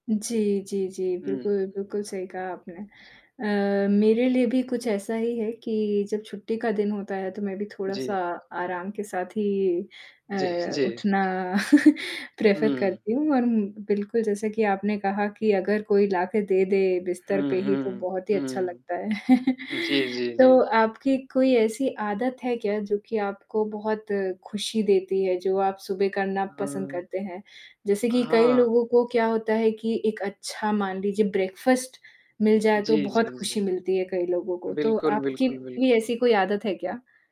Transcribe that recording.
जी, जी, जी हुँ, बिल्कुल, हुँ, हुँ। बिल्कुल सही कहा आपने। अ, उ, हाँ। मेरे लिए भी कुछ ऐसा ही है कि जब छुट्टी का दिन होता है, तो मैं भी थोड़ा-सा जी। आराम के साथ ही जी अ, जी। उठना प्रेफ़र हुँ, करती हुँ, हूँ हुँ। और उम, बिल्कुल जैसे कि आपने कहा कि अगर कोई लाके दे दे बिस्तर हुँ, पे ही तो हुँ, बहुत ही अच्छा लगता हुँ। है। जी, जी, तो जी। आपकी कोई ऐसी आदत है क्या जो कि आपको बहुत खुशी देती है जो आप सुबह उ, करना पसंद हाँ। करते हैं? जैसे अ, कि कई हाँ। लोगों को क्या होता है कि एक अच्छा मान लीजिए ब्रेकफ़ास्ट मिल जाए तो जी, बहुत जी, जी। खुशी मिलती है कई लोगों को, तो बिल्कुल, आपकी बिल्कुल, भी बिल्कुल। ऐसी कोई आदत है क्या?